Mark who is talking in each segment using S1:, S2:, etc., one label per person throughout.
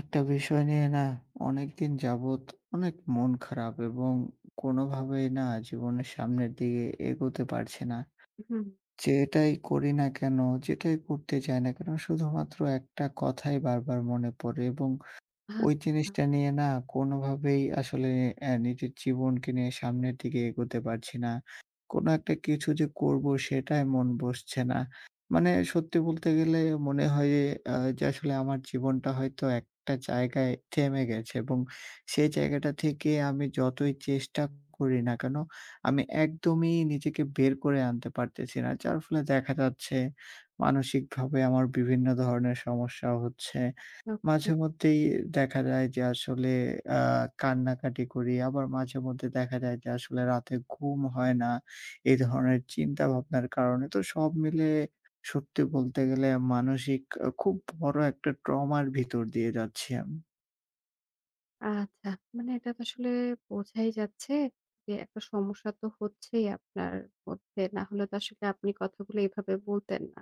S1: একটা বিষয় নিয়ে না, অনেক দিন যাবৎ অনেক মন খারাপ এবং কোনভাবেই না জীবনের সামনের দিকে এগোতে পারছি না।
S2: হুম।
S1: যেটাই করি না কেন, যেটাই করতে যাই না কেন, শুধুমাত্র একটা কথাই বার, বার, মনে পড়ে এবং ওই
S2: আচ্ছা।
S1: জিনিসটা নিয়ে না কোনভাবেই আসলে অ্যা নিজের জীবনকে নিয়ে সামনের দিকে এগোতে পারছি না। কোন একটা কিছু যে করব সেটায় মন বসছে না। মানে সত্যি বলতে গেলে মনে হয় এ অ্যা যে আসলে আমার জীবনটা হয়তো একটা জায়গায় থেমে গেছে। এবং সেই জায়গাটা থেকে আমি যতই চেষ্টা করি না কেন, আমি একদমই নিজেকে বের করে আনতে পারতেছি না। যার ফলে দেখা যাচ্ছে, মানসিকভাবে আমার বিভিন্ন ধরনের সমস্যা হচ্ছে।
S2: [unintelligible]
S1: মাঝেমধ্যেই দেখা যায় যে, আসলে আ কান্নাকাটি করি। আবার মাঝেমধ্যেই দেখা যায় যে, আসলে রাতে ঘুম হয় না। এ ধরনের চিন্তা ভাবনার কারণে। তো সব মিলিয়ে সত্যি বলতে গেলে মানসিক আ খুব বড় একটা ট্রমার ভিতর দিয়ে যাচ্ছি আমি।
S2: আচ্ছা। মানে এটা তো আসলে বোঝাই যাচ্ছে। যে একটা সমস্যা তো হচ্ছেই আপনার মধ্যে। না হলে তো আসলে আপনি কথাগুলো এইভাবে বলতেন না।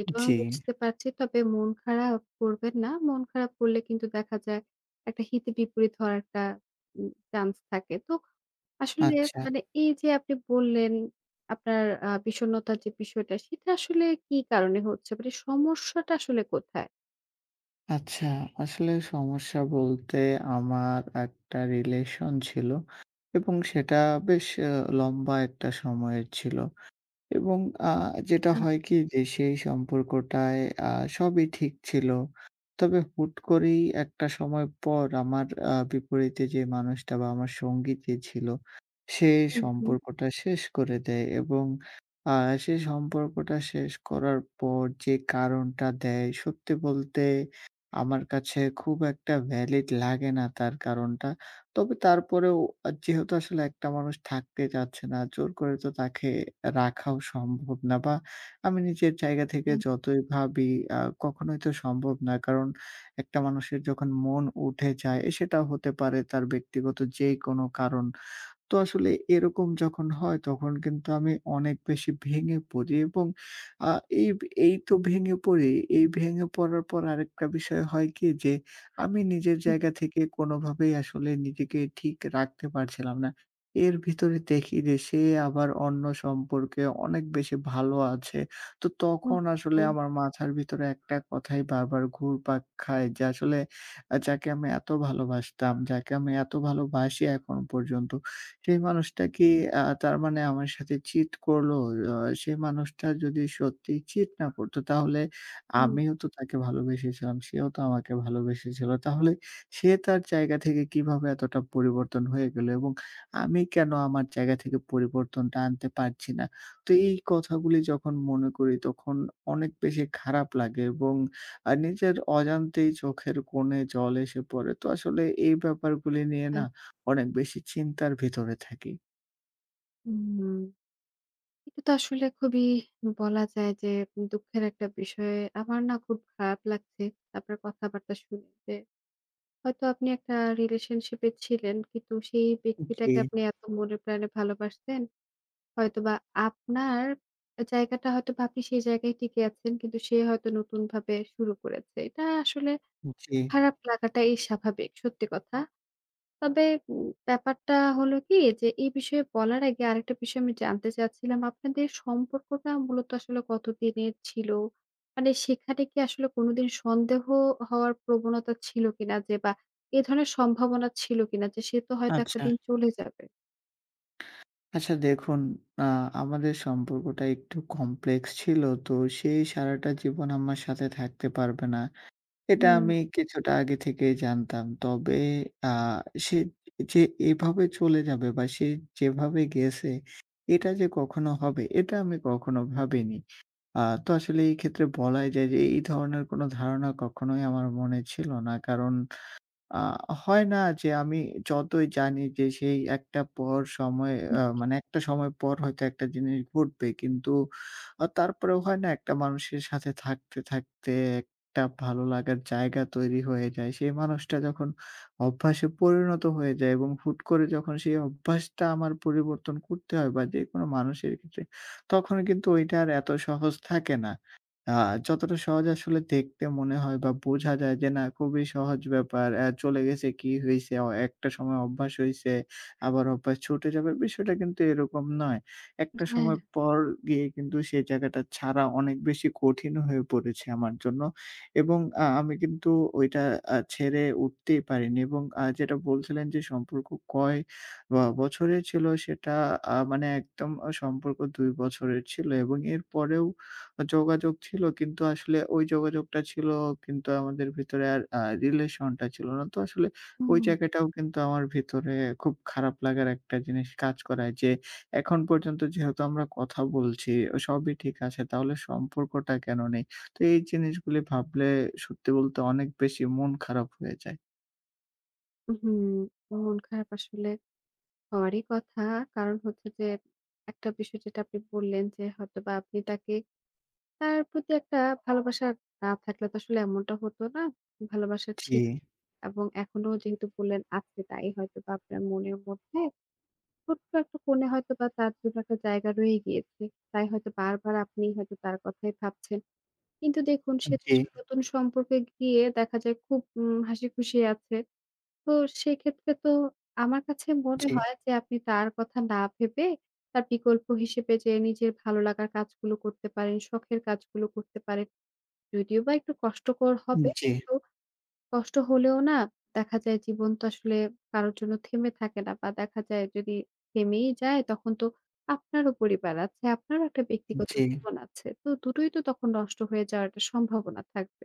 S2: এটাও
S1: জি।
S2: বুঝতে পারছি। তবে মন খারাপ করবেন না। মন খারাপ করলে কিন্তু দেখা যায় একটা হিতে বিপরীত হওয়ার একটা উম চান্স থাকে। তো আসলে
S1: আচ্ছা।
S2: মানে এই যে আপনি বললেন, আপনার আ বিষন্নতার যে বিষয়টা সেটা আসলে কি কারণে হচ্ছে? মানে সমস্যাটা আসলে কোথায়?
S1: আচ্ছা, আসলে সমস্যা বলতে, আমার একটা রিলেশন ছিল, এবং সেটা বেশ আ লম্বা একটা সময়ের ছিল। এবং আ যেটা
S2: হু।
S1: হয় কি যে সেই সম্পর্কটায় আ সবই ঠিক ছিল। তবে হুট করেই একটা সময় পর আমার আ বিপরীতে যে মানুষটা বা আমার সঙ্গী যে ছিল, সে
S2: হু, হু।
S1: সম্পর্কটা শেষ করে দেয়। এবং আ সেই সম্পর্কটা শেষ করার পর যে কারণটা দেয়, সত্যি বলতে আমার কাছে খুব একটা ভ্যালিড লাগে না তার কারণটা। তবে তারপরেও আ যেহেতু আসলে একটা মানুষ থাকতে চাচ্ছে না জোর করে তো তাকে রাখাও সম্ভব না। বা আমি নিজের জায়গা থেকে
S2: হুম।
S1: যতই ভাবি আ কখনোই তো সম্ভব না। কারণ একটা মানুষের যখন মন উঠে যায়, সেটা হতে পারে তার ব্যক্তিগত যে কোন কারণ। তো আসলে এরকম যখন হয়, তখন কিন্তু আমি অনেক বেশি ভেঙে পড়ি এবং আ এইব এই তো ভেঙে পড়ি। এই ভেঙে পড়ার পর আরেকটা বিষয় হয় কি যে, আমি নিজের
S2: হুম।
S1: জায়গা থেকে কোনভাবেই আসলে নিজেকে ঠিক রাখতে পারছিলাম না। এর ভিতরে দেখি যে সে, আবার অন্য সম্পর্কে অনেক বেশি ভালো আছে। তো তখন আসলে
S2: ওহহো!
S1: আমার মাথার ভিতরে একটা কথাই বারবার ঘুরপাক খায়। যে আসলে আ যাকে আমি এত ভালোবাসতাম, যাকে আমি এত ভালোবাসি এখনও পর্যন্ত। সেই মানুষটা কি আ তার মানে আমার সাথে চিট করলো? অ সেই মানুষটা যদি সত্যি চিট না করত তাহলে
S2: হুম।
S1: আমিও তো তাকে ভালোবেসেছিলাম, সেও তো আমাকে ভালোবেসেছিল। তাহলে সে তার জায়গা থেকে কিভাবে এতটা পরিবর্তন হয়ে গেলো? এবং আমি কেন আমার জায়গা থেকে পরিবর্তনটা আনতে পারছি না? তো এই কথাগুলি যখন মনে করি তখন অনেক বেশি খারাপ লাগে এবং আ নিজের অজান্তেই চোখের কোণে জল এসে পড়ে। তো আসলে এই ব্যাপারগুলি নিয়ে
S2: আ
S1: না অনেক বেশি চিন্তার ভিতরে থাকি।
S2: হুম। এটা তো আসলে খুবই বলা যায় যে, দুঃখের একটা বিষয়ে, আমার না খুব খারাপ লাগছে আপনার কথাবার্তা শুনতে। হয়তো আপনি একটা রিলেশনশিপ এ ছিলেন। কিন্তু সেই
S1: উ-জি।
S2: ব্যক্তিটাকে আপনি এত মনে প্রাণে ভালোবাসতেন। হয়তোবা আপনার জায়গাটা হয়তো বাকি সেই জায়গায় টিকে আছেন। কিন্তু সে হয়তো নতুনভাবে শুরু করেছে। এটা আসলে
S1: উ-জী।
S2: খারাপ লাগাটাই স্বাভাবিক। সত্যি কথা। তবে উ ব্যাপারটা হলো কি? যে এই বিষয়ে বলার আগে আরেকটা বিষয় আমি জানতে চাচ্ছিলাম। আপনাদের সম্পর্কটা মূলত আসলে কতদিনের ছিল? মানে সেখানে কি আসলে কোনদিন সন্দেহ হওয়ার প্রবণতা ছিল কিনা? যে বা এ ধরনের সম্ভাবনা ছিল কিনা, যে সে তো হয়তো একটা
S1: আচ্ছা।
S2: দিন চলে যাবে?
S1: আচ্ছা, দেখুন আ আমাদের সম্পর্কটা একটু কমপ্লেক্স ছিল। তো সে সারাটা জীবন আমার সাথে থাকতে পারবে না। এটা
S2: হুম।
S1: আমি কিছুটা আগে থেকেই জানতাম। তবে আ সে যে এভাবে চলে যাবে বা সে যেভাবে গেছে, এটা যে কখনো হবে এটা আমি কখনো ভাবিনি। আ তো আসলে এই ক্ষেত্রে বলাই যায় যে, এই ধরনের কোন ধারণা কখনোই আমার মনে ছিল না। কারণ আ হয় না? যে আমি যতই জানি যে সেই একটা পর সময়
S2: উ
S1: আ
S2: জি।
S1: মানে একটা সময় পর হয়তো একটা জিনিস ঘটবে। কিন্তু আ তারপরেও হয় না একটা মানুষের সাথে থাকতে, থাকতে একটা ভালো লাগার জায়গা তৈরি হয়ে যায়। সেই মানুষটা যখন অভ্যাসে পরিণত হয়ে যায় এবং হুট করে যখন সেই অভ্যাসটা আমার পরিবর্তন করতে হয় বা যেকোনো মানুষের ক্ষেত্রে, তখন কিন্তু ওইটা আর এত সহজ থাকে না। আ যতটা সহজ আসলে দেখতে মনে হয় বা বোঝা যায় যে না, খুবই সহজ ব্যাপার অ্যা চলে গেছে কি হইছে? অ একটা সময় অভ্যাস হইছে, আবার অভ্যাস ছুটে যাবে। বিষয়টা কিন্তু এরকম নয়। একটা
S2: হ্যাঁ।
S1: সময় পর গিয়ে কিন্তু সেই জায়গাটা ছাড়া অনেক বেশি কঠিন হয়ে পড়েছে আমার জন্য। এবং আ আমি কিন্তু ওইটা আ ছেড়ে উঠতেই পারিনি এবং আ যেটা বলছিলেন যে সম্পর্ক কয় বা বছরে ছিল সেটা আ মানে একদম অ সম্পর্ক ২ বছরের ছিল এবং এর পরেও আ যোগাযোগ ছিল। কিন্তু আসলে ওই যোগাযোগটা ছিল কিন্তু আমাদের ভেতরে আর আ রিলেশন টা ছিল না। তো আসলে ওই
S2: হুম।
S1: জায়গাটাও কিন্তু আমার ভেতরে খুব খারাপ লাগার একটা জিনিস কাজ করায় যে, এখন পর্যন্ত যেহেতু আমরা কথা বলছি সবই ঠিক আছে। তাহলে সম্পর্কটা কেন নেই? তো এই জিনিসগুলি ভাবলে সত্যি বলতে অনেক বেশি মন খারাপ হয়ে যায়।
S2: উহু, মন খারাপ আসলে হওয়ারই কথা। কারণ হচ্ছে যে, একটা বিষয় যেটা আপনি বললেন যে, হয়তোবা আপনি তাকে তার প্রতি একটা ভালোবাসা না থাকলে তো আসলে এমনটা হত না। ভালোবাসা ছিক
S1: জী।
S2: এবং এখনো যেহেতু বললেন আজকে তাই হয়তোবা আপনার মনের মধ্যে ছোট্ট একটা কোণে হয়তো বা তার জন্য একটা জায়গা রয়েই গিয়েছে। তাই হয়তো বারবার আপনি হয়তো তার কথাই ভাবছেন। কিন্তু দেখুন
S1: অ্যা
S2: সে তো
S1: জী।
S2: আসলে নতুন সম্পর্কে গিয়ে দেখা যায় খুব উম হাসিখুশি আছে। তো সেক্ষেত্রে তো আমার কাছে মনে
S1: জী।
S2: হয় যে, আপনি তার কথা না ভেবে, তার বিকল্প হিসেবে যে নিজের ভালো লাগার কাজগুলো করতে পারেন, শখের কাজগুলো করতে পারেন। যদিও বা একটু কষ্টকর
S1: উম
S2: হবে,
S1: জ্বী।
S2: তো কষ্ট হলেও না দেখা যায় জীবন তো আসলে কারো জন্য থেমে থাকে না। বা দেখা যায় যদি থেমেই যায় তখন তো আপনারও পরিবার আছে, আপনারও একটা
S1: উম
S2: ব্যক্তিগত
S1: জী।
S2: জীবন আছে। তো দুটোই তো তখন নষ্ট হয়ে যাওয়ার একটা সম্ভাবনা থাকবে।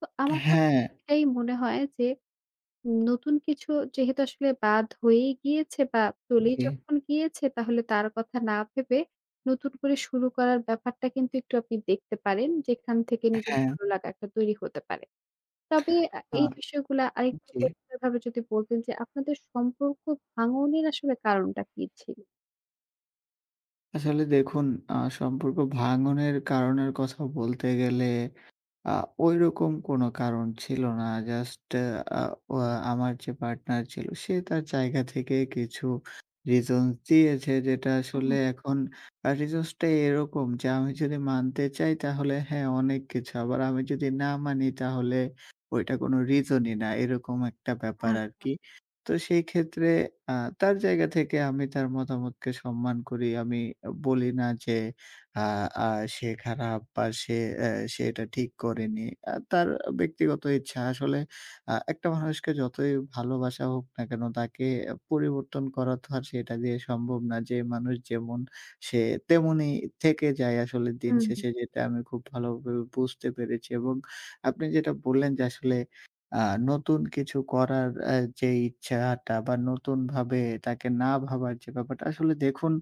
S2: তো
S1: অ্যা
S2: আমার কাছে
S1: হ্যাঁ।
S2: এটাই মনে হয় যে, নতুন কিছু যেহেতু আসলে বাদ হয়েই গিয়েছে বা চলেই
S1: জি।
S2: যখন গিয়েছে। তাহলে তার কথা না ভেবে নতুন করে শুরু করার ব্যাপারটা কিন্তু একটু আপনি দেখতে পারেন। যেখান থেকে
S1: অ্যা
S2: নিজের
S1: হ্যাঁ।
S2: ভালো লাগা একটা তৈরি হতে পারে। তবে আ
S1: আ
S2: এই বিষয়গুলা আরেকটু
S1: জ্বী।
S2: পরিষ্কার ভাবে যদি বলতেন যে, আপনাদের সম্পর্ক ভাঙনের আসলে কারণটা কি ছিল?
S1: আসলে দেখুন আ সম্পর্ক ভাঙনের কারণের কথা বলতে গেলে আ ওইরকম কোন কারণ ছিল না। জাস্ট এ আ ওয়া আমার যে পার্টনার ছিল, সে তার জায়গা থেকে কিছু রিজনস দিয়েছে। যেটা আসলে
S2: ও!
S1: এখন আ রিজনস টাই এরকম যে আমি যদি মানতে চাই তাহলে হ্যাঁ, অনেক কিছু। আবার আমি যদি না মানি, তাহলে ওইটা কোনো রিজনই না। এরকম একটা ব্যাপার
S2: আচ্ছা।
S1: আরকি। তো সেই ক্ষেত্রে আ তার জায়গা থেকে আমি তার মতামতকে সম্মান করি। আমি বলি না যে আ আ সে খারাপ বা সে এ্যা সে এটা ঠিক করেনি। আ তার ব্যক্তিগত ইচ্ছা আসলে আ একটা মানুষকে যতই ভালোবাসা হোক না কেন, তাকে পরিবর্তন করাতো আর সেটা দিয়ে সম্ভব না। যে মানুষ যেমন, সে তেমনই থেকে যায়। আসলে দিন
S2: হু, হুম।
S1: শেষে যেটা আমি খুব ভালোভাবে বুঝতে পেরেছি এবং আপনি যেটা বললেন। যে আসলে আ নতুন কিছু করার এ্যা যেই ইচ্ছা আ টা বা নতুনভাবে তাকে না ভাবার যে ব্যাপারটা। আসলে দেখুন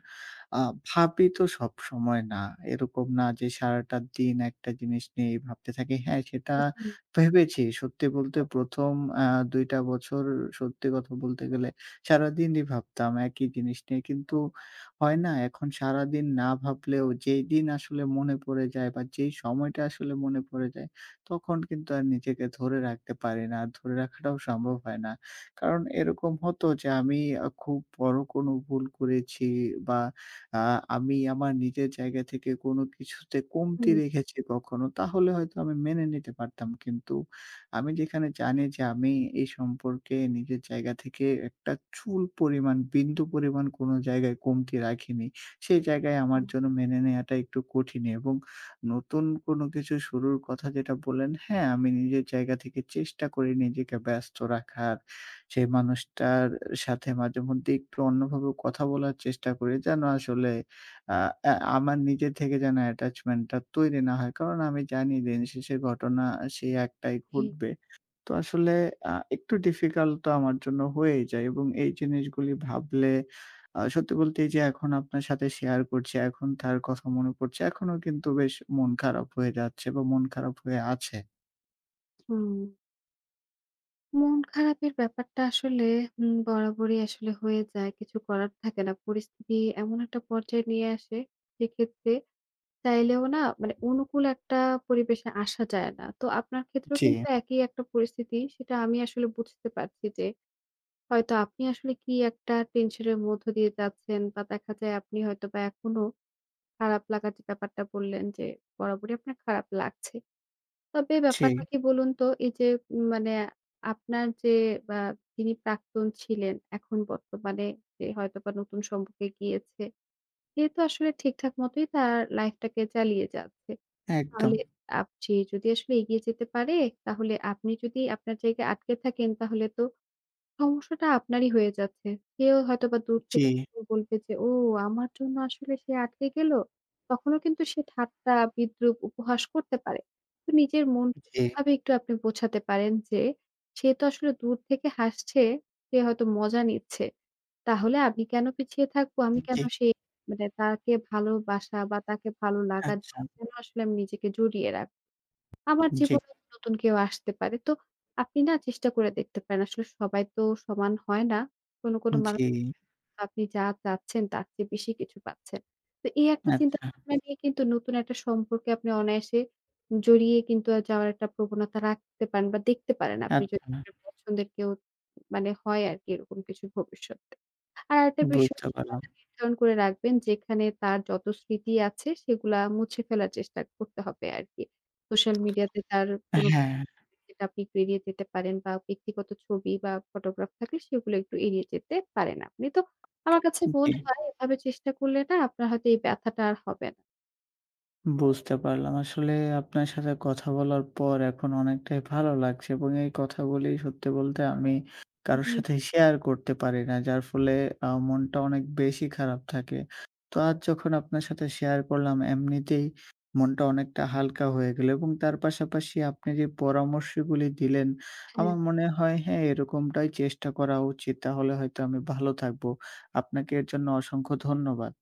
S1: আ ভাবি তো সবসময় না। এরকম না যে সারাটা দিন একটা জিনিস নিয়েই ভাবতে থাকি। হ্যাঁ, সেটা
S2: উ জ্বী।
S1: ভেবেছি। সত্যি বলতে ১ম আ ২ টা বছর সত্যি কথা বলতে গেলে সারাদিনই ভাবতাম একই জিনিস নিয়ে। কিন্তু হয় না? এখন সারাদিন না ভাবলেও যেদিন আসলে মনে পড়ে যায় বা যেই সময়টা আসলে মনে পড়ে যায়, তখন কিন্তু আর নিজেকে ধরে রাখতে পারি না। আর ধরে রাখাটাও সম্ভব হয় না। কারণ এরকম হতো যে আমি আ খুব বড় কোনো ভুল করেছি বা আ আমি আমার নিজের জায়গা থেকে কোনো কিছুতে কমতি
S2: হুম।
S1: রেখেছি কখনো, তাহলে হয়তো আমি মেনে নিতে পারতাম। কিন্তু আমি যেখানে জানি যে আমি এই সম্পর্কে নিজের জায়গা থেকে একটা চুল পরিমাণ, বিন্দু পরিমাণ কোনো জায়গায় কমতি রাখিনি। সেই জায়গায় আমার
S2: হুম।
S1: জন্য মেনে নেওয়াটা একটু কঠিনই এবং নতুন কোনো কিছু শুরুর কথা যেটা বললেন। হ্যাঁ, আমি নিজের জায়গা থেকে চেষ্টা করি, নিজেকে ব্যস্ত রাখার। সেই মানুষটার সাথে মাঝেমধ্যেই একটু অন্যভাবেও কথা বলার চেষ্টা করি। যেন আসলে আ এ্যা আমার নিজের থেকে যেন attachment টা তৈরি না হয়। কারণ আমি জানি দিনশেষের ঘটনা সেই একটাই
S2: জ্বী।
S1: ঘটবে। তো, আসলে আ একটু ডিফিকাল্ট তো আমার জন্য হয়েই যায়। এবং এই জিনিসগুলি ভাবলে আ সত্যি বলতে এই যে এখন আপনার সাথে শেয়ার করছি। এখন তার কথা মনে পড়ছে। এখনো কিন্তু বেশ মন খারাপ হয়ে যাচ্ছে বা মন খারাপ হয়ে আছে।
S2: হুম। মন খারাপের ব্যাপারটা আসলে হু, বরাবরই আসলে হয়ে যায়। কিছু করার থাকে না। পরিস্থিতি এমন একটা পর্যায়ে নিয়ে আসে, সেক্ষেত্রে চাইলেও না মানে অনুকূল একটা পরিবেশে আসা যায় ন। তো আপনার ক্ষেত্রেও
S1: জি।
S2: কিন্তু একই একটা পরিস্থিতি। সেটা আমি আসলে বুঝতে পারছি যে, হয়তো আপনি আসলে কি একটা টেনশন এর মধ্য দিয়ে যাচ্ছেন, বা দেখা যায় আপনি হয়তোবা এখনো খারাপ লাগা যে ব্যাপারটা বললেন, যে বরাবরই আপনার খারাপ লাগছে। তবে ব্যাপারটা
S1: জি।
S2: কি বলুন তো? এই যে উম মানে আপনার যে আ যিনি প্রাক্তন ছিলেন, এখন বর্তমানে যে হয়তোবা নতুন সম্পর্কে গিয়েছে। সে তো আসলে ঠিকঠাক মতোই তার লাইফ টাকে চালিয়ে যাচ্ছে,
S1: একদম।
S2: তাহলে আপ যে যদি আসলে এগিয়ে যেতে পারে, তাহলে আপনি যদি আপনার জায়গায় আটকে থাকেন তাহলে তো, সমস্যাটা আপনারই হয়ে যাচ্ছে। সেও হয়তোবা দূর থেকে
S1: জি।
S2: [unintelligible] বলবে যে, "ও! আমার জন্য আসলে সে আটকে গেল?" তখনো কিন্তু সে ঠাট্টা, বিদ্রূপ, উপহাস করতে পারে। নিজের মনকে
S1: জি।
S2: এভাবে একটু আপনি বোঝাতে পারেন যে, "সে তো আসলে দূর থেকে হাসছে, সে হয়তো মজা নিচ্ছে। তাহলে আমি কেন পিছিয়ে থাকব? আমি কেন
S1: জি।
S2: সে মানে তাকে ভালোবাসা বা তাকে ভালো লাগাদ [unintelligible]
S1: আচ্ছা।
S2: কেন আসলে আমি নিজেকে জড়িয়ে রাখব? আমার
S1: জি।
S2: জীবনে নতুন কেউ আসতে পারে।" তো আপনি না চেষ্টা করে দেখতে পারেন। আসলে সবাই তো সমান হয় না। কোন, কোন
S1: উম
S2: মানুষ
S1: জি।
S2: [unintelligible] আপনি যা চাচ্ছেন তার চেয়ে বেশি কিছু পাচ্ছেন। তো এই একটা
S1: আচ্ছা।
S2: চিন্তাভাবনা নিয়ে কিন্তু নতুন একটা সম্পর্কে আপনি অনায়াসে, জড়িয়ে কিন্তু আ যাওয়ার একটা প্রবণতা রাখতে পারেন বা দেখতে পারেন, আপনি [unintelligible] যদি
S1: আচ্ছা।
S2: এর পছন্দের কেউ মানে হয় আরকি এরকম কিছু ভবিষ্যতে। আর আরেকটা বিষয়
S1: বুঝতে পারলাম।
S2: সীমানা নির্ধারণ করে রাখবেন, যেখানে তার যত স্মৃতি আছে সেগুলা মুছে ফেলার চেষ্টা করতে হবে আরকি। সোশ্যাল মিডিয়াতে তার
S1: অ্যা
S2: কোন
S1: হ্যাঁ।
S2: [unintelligible] যেটা আপনি বেরিয়ে যেতে পারেন, বা ব্যক্তিগত ছবি বা ফটোগ্রাফ থাকলে সেগুলো একটু এড়িয়ে যেতে পারেন আপনি। তো আমার কাছে
S1: জি।
S2: মনে হয়, এভাবে চেষ্টা করলে না, আপনার হয়তো এই ব্যথাটা আর হবে না।
S1: বুঝতে পারলাম। আসলে আপনার সাথে কথা বলার পর এখন অনেকটাই ভালো লাগছে। এবং এই কথাগুলি সত্যি বলতে আমি কারো
S2: উহু।
S1: সাথে শেয়ার করতে পারি না। যার ফলে আ মনটা অনেক বেশি খারাপ থাকে তো আজ যখন আপনার সাথে শেয়ার করলাম, এমনিতেই মনটা অনেকটা হালকা হয়ে গেল এবং তার পাশাপাশি আপনি যে পরামর্শগুলি দিলেন,
S2: হ্যাঁ।
S1: আমার মনে হয় হ্যাঁ, এরকমটাই চেষ্টা করা উচিত। তাহলে হয়তো আমি ভালো থাকবো। আপনাকে এর জন্য অসংখ্য ধন্যবাদ।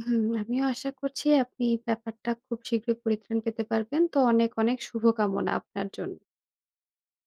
S2: উহু। আমিও আশা করছি আপনি ব্যাপারটা খুব শীঘ্রই পরিত্রাণ পেতে পারবেন। তো অনেক, অনেক শুভকামনা আপনার জন্য।